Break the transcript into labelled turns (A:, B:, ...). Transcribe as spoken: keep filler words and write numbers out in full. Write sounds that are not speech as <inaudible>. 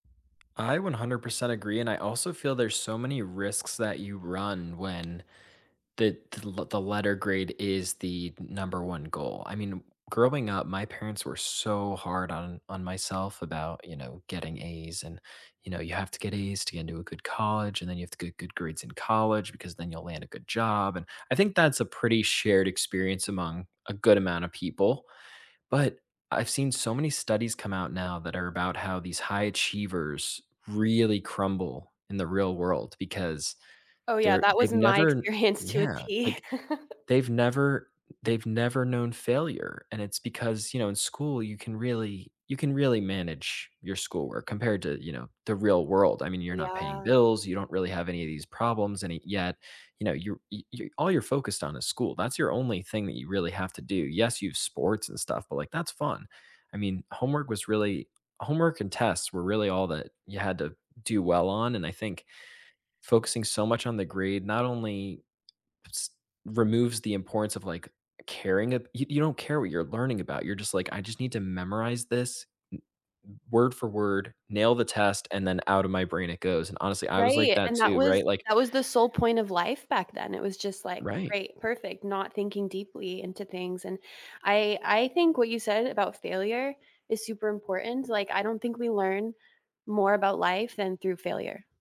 A: I one hundred percent agree, and I also feel there's so many risks that you run when the t the l the letter grade is the number one goal. I mean, growing up, my parents were so hard on on myself about, you know, getting A's, and, you know, "You have to get A's to get into a good college, and then you have to get good grades in college because then you'll land a good job," and I think that's a pretty shared experience among a good amount of people. But I've seen so many studies come out now that are about how these high achievers really crumble in the real world because
B: Oh yeah,
A: they're
B: that was
A: they've
B: in my
A: never
B: experience to a
A: Yeah,
B: T.
A: like,
B: <chuckles>
A: they've never they've never known failure, and it's because, you know, in school you can really you can really manage your schoolwork compared to, you know, the real world. I mean, you're not paying
B: Yeah.
A: bills; you don't really have any of these problems any yet, you know, you're, y y all you're focused on is school, that's your only thing that you really have to do. Yes, you have sports and stuff, but, like, that's fun. I mean, homework was really homework and tests were really all that you had to do well on, and I think focusing so much on the grade not only s removes the importance of, like, caring at y you don't care what you're learning about, you're just like, "I just need to memorize this m w word for word, nail the test, and then out of my brain it goes," and honestly, I was like
B: Right,
A: that
B: and that
A: too,
B: was
A: right? Like
B: that was the sole point of life back then, it was just, like,
A: Right.
B: "Great, perfect," not thinking deeply into things. And I I think what you said about failure is super important, like, I don't think we learn more about life than through failure.